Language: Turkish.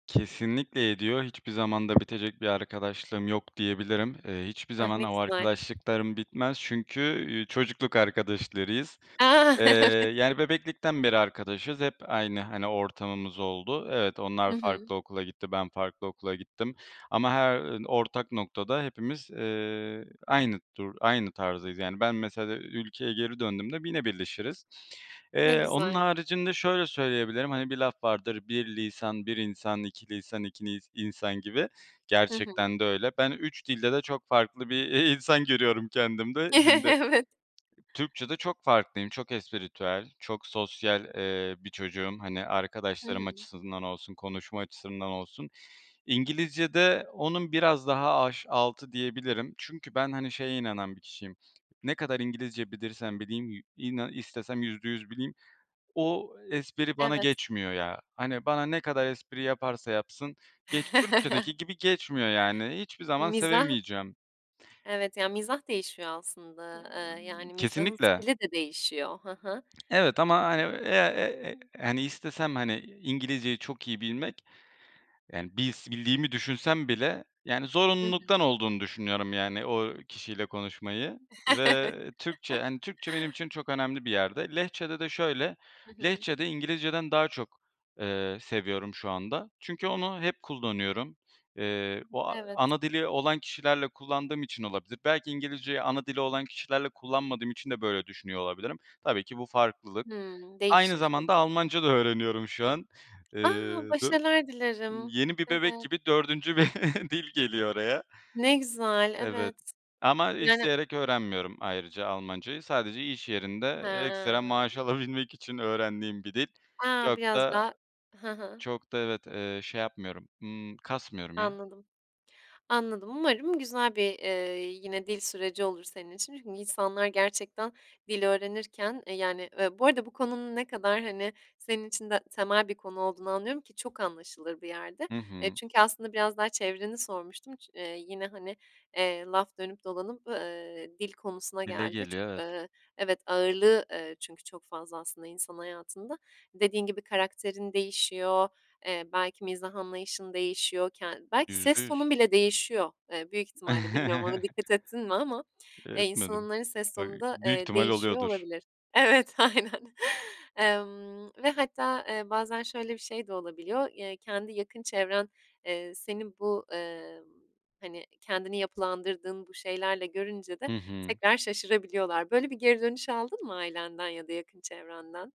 Kesinlikle ediyor. Hiçbir zaman da bitecek bir arkadaşlığım yok diyebilirim. Eee, hiçbir Ah, zaman ne o güzel. arkadaşlıklarım bitmez çünkü, üüü, çocukluk arkadaşlarıyız. A, Eee, evet. yani bebeklikten beri arkadaşız. Hep aynı, hani, ortamımız oldu. Evet onlar Hı hı. farklı okula gitti. Ben farklı okula gittim. Ama her ortak noktada hepimiz, eee, aynı dur aynı tarzdayız. Yani ben mesela ülkeye geri döndüğümde yine birleşiriz. Ne Eee, onun güzel. haricinde şöyle söyleyebilirim, hani bir laf vardır, bir lisan, bir insan, iki lisan, iki nis insan gibi. Hı hı. Gerçekten de öyle. Ben 3 dilde de çok farklı bir i insan görüyorum kendimde. Şimdi Evet. Türkçe'de çok farklıyım, çok espritüel, çok sosyal, eee, bir çocuğum. Hani Hı arkadaşlarım hı. açısından olsun, konuşma açısından olsun. İngilizce'de onun biraz daha aş altı diyebilirim. Çünkü ben hani şeye inanan bir kişiyim. Ne kadar İngilizce bilirsem bileyim yü inan istesem %100 bileyim. O espri bana Evet. geçmiyor ya. Hani bana ne kadar espri yaparsa yapsın, geç Türkiye'deki gibi geçmiyor yani. Hiçbir zaman Mizah. sevemeyeceğim. Evet ya, mizah değişiyor aslında, Eee, eee, yani mizahın kesinlikle. stili de değişiyor, hı hı. Evet ama hani, eee, eee, eee, hani istesem hani İngilizceyi çok iyi bilmek, yani bils bildiğimi düşünsem bile yani Hı hı. zorunluluktan olduğunu düşünüyorum, yani o kişiyle konuşmayı ve Türkçe, hani Türkçe benim için çok önemli bir yerde. Lehçede de şöyle, Hı hı. Lehçede İngilizceden daha, eee, çok seviyorum şu anda. Çünkü onu hep kullanıyorum. Eee, o Evet. ana dili olan kişilerle kullandığım için olabilir. Belki İngilizceyi ana dili olan kişilerle kullanmadığım için de böyle düşünüyor olabilirim. Tabii ki bu farklılık. Hımm, Aynı değişir. Evet. zamanda Almanca da öğreniyorum şu an. Eee A! dö başarılar dilerim, yeni bir bebek evet. gibi 4. bir dil geliyor oraya. Ne güzel, Evet evet. ama Yani. isteyerek öğrenmiyorum ayrıca Almancayı. Sadece iş yerinde ekstra maaş He. alabilmek için öğrendiğim bir dil. A, Çok biraz da daha Hı hı. çok da evet, eee, şey yapmıyorum, ımm, kasmıyorum ya. Anladım, anladım umarım güzel bir, eee, yine dil süreci olur senin için. Çünkü insanlar gerçekten dil öğrenirken, eee, yani bu arada bu konunun ne kadar hani senin de için temel bir konu olduğunu anlıyorum, ki çok anlaşılır bir yerde, Hı eee, hı. çünkü aslında biraz daha çevreni sormuştum, ç eee, yine hani, eee, laf dönüp dolanıp, eee, dil konusuna Dile geldi. Çok, geliyor evet. eee, evet, ağırlığı, eee, çünkü çok fazla aslında insan hayatında. Dediğin gibi karakterin değişiyor, eee, belki mizah anlayışın değişiyor, ken belki yüzde ses yüz tonun bile değişiyor, eee, büyük ihtimalle, bilmiyorum ona dikkat ettin mi ama, eee, Etmedim insanların ses öy tonu da, Büyük eee, ihtimal değişiyor oluyordur. olabilir. Evet, aynen, emm, ve hatta, eee, bazen şöyle bir şey de olabiliyor, eee, kendi yakın çevren, eee, senin bu, eee, hani kendini yapılandırdığın bu şeylerle görünce de Hı hı. tekrar şaşırabiliyorlar böyle bir geri dönüş aldın mı ailenden ya da yakın çevrenden?